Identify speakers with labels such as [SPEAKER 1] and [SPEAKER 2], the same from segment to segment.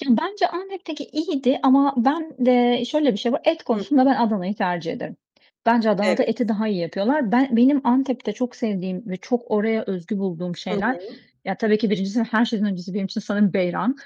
[SPEAKER 1] Ya, bence Antep'teki iyiydi ama ben eee, şöyle, bir şey var; et
[SPEAKER 2] Hı
[SPEAKER 1] konusunda
[SPEAKER 2] hı.
[SPEAKER 1] ben Adana'yı tercih ederim. Bence Adana'da
[SPEAKER 2] Evet.
[SPEAKER 1] eti daha iyi yapıyorlar. Ben benim Antep'te çok sevdiğim ve çok oraya özgü bulduğum
[SPEAKER 2] Hı
[SPEAKER 1] şeyler;
[SPEAKER 2] hı.
[SPEAKER 1] ya, tabii ki 1'incisi ve her şeyden öncesi benim için sanırım beyran.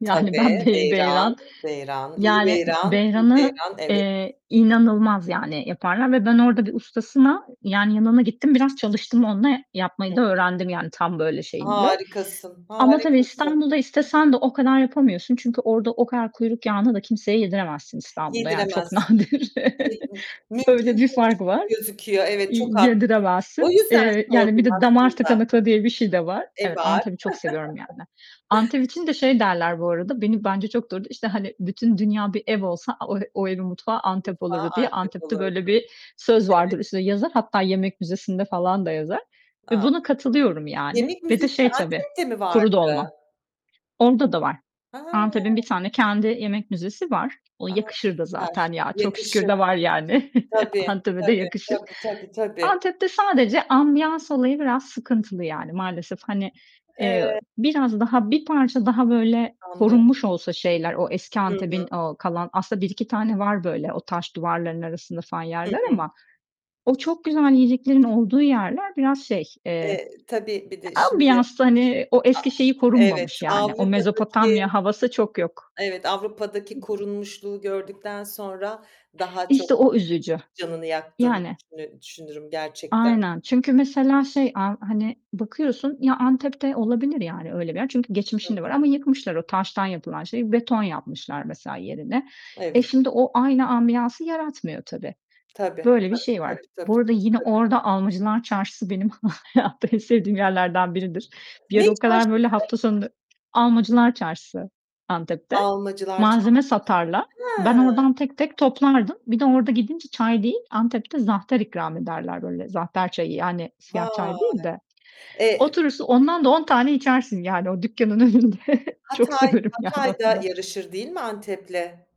[SPEAKER 1] Yani, ben
[SPEAKER 2] Tabii,
[SPEAKER 1] bey
[SPEAKER 2] beyran,
[SPEAKER 1] beyran
[SPEAKER 2] beyran, iyi
[SPEAKER 1] Yani,
[SPEAKER 2] beyran, iyi
[SPEAKER 1] beyran'ı,
[SPEAKER 2] beyran, evet.
[SPEAKER 1] eee, inanılmaz, yani, yaparlar ve ben orada bir ustasına Yani yanına gittim biraz çalıştım onunla.
[SPEAKER 2] Hı
[SPEAKER 1] Yapmayı da
[SPEAKER 2] hı.
[SPEAKER 1] öğrendim. Yani tam böyle şeyinde
[SPEAKER 2] Harikasın,
[SPEAKER 1] ama tabii
[SPEAKER 2] harikasın.
[SPEAKER 1] İstanbul'da istesen de o kadar yapamıyorsun çünkü orada o kadar kuyruk yağını da kimseye yediremezsin İstanbul'da, yani çok
[SPEAKER 2] Yediremezsin.
[SPEAKER 1] nadir.
[SPEAKER 2] [unintelligible]
[SPEAKER 1] Öyle
[SPEAKER 2] Mümkün
[SPEAKER 1] bir
[SPEAKER 2] değilmiş
[SPEAKER 1] fark
[SPEAKER 2] gibi
[SPEAKER 1] var.
[SPEAKER 2] gözüküyor. Evet
[SPEAKER 1] İ
[SPEAKER 2] çok haklısın. O
[SPEAKER 1] yediremezsin.
[SPEAKER 2] yüzden
[SPEAKER 1] Eee, yani, bir
[SPEAKER 2] sordum
[SPEAKER 1] de damar
[SPEAKER 2] aslında.
[SPEAKER 1] tıkanıklığı diye bir şey de var.
[SPEAKER 2] E,
[SPEAKER 1] Evet,
[SPEAKER 2] var.
[SPEAKER 1] Antep'i çok seviyorum yani. Antep için de şey derler bu arada, beni bence çok doğru. İşte, hani, "Bütün dünya bir ev olsa a o o evin mutfağı Antep
[SPEAKER 2] Mutfağı
[SPEAKER 1] olurdu." diye.
[SPEAKER 2] Antep
[SPEAKER 1] Antep'te böyle
[SPEAKER 2] olurdu.
[SPEAKER 1] bir söz
[SPEAKER 2] Evet.
[SPEAKER 1] vardır, üstüne yazar. Hatta yemek müzesi'nde falan da yazar ve
[SPEAKER 2] A,
[SPEAKER 1] buna
[SPEAKER 2] çok
[SPEAKER 1] katılıyorum
[SPEAKER 2] [unintelligible]
[SPEAKER 1] yani.
[SPEAKER 2] Yemek
[SPEAKER 1] Ve de
[SPEAKER 2] müzesi
[SPEAKER 1] şey tabii,
[SPEAKER 2] Antep'te mi
[SPEAKER 1] kuru
[SPEAKER 2] vardı?
[SPEAKER 1] dolma. Onda da var.
[SPEAKER 2] Hıı.
[SPEAKER 1] Antep'in 1 tane kendi yemek müzesi var. O
[SPEAKER 2] A,
[SPEAKER 1] yakışır da
[SPEAKER 2] süper!
[SPEAKER 1] zaten ya, çok şükür
[SPEAKER 2] Yakışır.
[SPEAKER 1] de var yani.
[SPEAKER 2] Tabii,
[SPEAKER 1] Antep'e de
[SPEAKER 2] tabii,
[SPEAKER 1] yakışır.
[SPEAKER 2] tabii, tabii, tabii.
[SPEAKER 1] Antep'te sadece ambiyans olayı biraz sıkıntılı yani. Maalesef, hani, eee,
[SPEAKER 2] Eee
[SPEAKER 1] biraz daha, bir parça daha böyle
[SPEAKER 2] Anlıyorum.
[SPEAKER 1] korunmuş olsa şeyler, o eski
[SPEAKER 2] Hı
[SPEAKER 1] Antep'in
[SPEAKER 2] hı.
[SPEAKER 1] o kalan Aslında 1-2 tane var böyle o taş duvarların arasında falan
[SPEAKER 2] Hı
[SPEAKER 1] yerler
[SPEAKER 2] hı.
[SPEAKER 1] ama o çok güzel yiyeceklerin olduğu yerler biraz şey, eee,
[SPEAKER 2] Eee, tabii bir
[SPEAKER 1] ya,
[SPEAKER 2] de şimdi,
[SPEAKER 1] ambiyansta, hani, o eski şeyi
[SPEAKER 2] a evet,
[SPEAKER 1] korunmamış yani, o
[SPEAKER 2] Avrupa'daki
[SPEAKER 1] Mezopotamya havası çok yok.
[SPEAKER 2] Evet, Avrupa'daki
[SPEAKER 1] [unintelligible]
[SPEAKER 2] korunmuşluğu gördükten sonra daha çok
[SPEAKER 1] İşte o üzücü.
[SPEAKER 2] canını yaktığını
[SPEAKER 1] Yani
[SPEAKER 2] düşünü düşünürüm gerçekten.
[SPEAKER 1] Aynen, çünkü mesela şey, a hani, bakıyorsun Ya, Antep'te olabilir yani öyle bir yer çünkü
[SPEAKER 2] Hı
[SPEAKER 1] geçmişin de var
[SPEAKER 2] hı.
[SPEAKER 1] ama yıkmışlar o taştan yapılan şeyi, beton yapmışlar mesela yerine. E,
[SPEAKER 2] Evet.
[SPEAKER 1] şimdi o aynı ambiyansı yaratmıyor tabii.
[SPEAKER 2] Tabii,
[SPEAKER 1] Böyle bir
[SPEAKER 2] tabii,
[SPEAKER 1] şey var.
[SPEAKER 2] tabii, tabii,
[SPEAKER 1] Bu arada
[SPEAKER 2] tabii,
[SPEAKER 1] yine
[SPEAKER 2] tabii.
[SPEAKER 1] orada Almacılar Çarşı'sı benim hayatta en sevdiğim yerlerden biridir. Bir
[SPEAKER 2] Ne
[SPEAKER 1] ara o kadar
[SPEAKER 2] çarşısı?
[SPEAKER 1] böyle hafta sonunu Almacılar Çarşısı, Antep'te.
[SPEAKER 2] Almacılar Çarşısı.
[SPEAKER 1] Malzeme satarlar. Ben
[SPEAKER 2] Hıı.
[SPEAKER 1] oradan tek tek toplardım. Bir de orada gidince çay değil, Antep'te zahter ikram ederler böyle, zahter çayı, yani siyah çay değil
[SPEAKER 2] Vay!
[SPEAKER 1] de.
[SPEAKER 2] E
[SPEAKER 1] Oturursun, ondan da 10 tane içersin, yani, o dükkanın önünde. Çok
[SPEAKER 2] Hatay
[SPEAKER 1] severim, yani,
[SPEAKER 2] Hatay
[SPEAKER 1] onu
[SPEAKER 2] da
[SPEAKER 1] da.
[SPEAKER 2] yarışır değil mi Antep'le?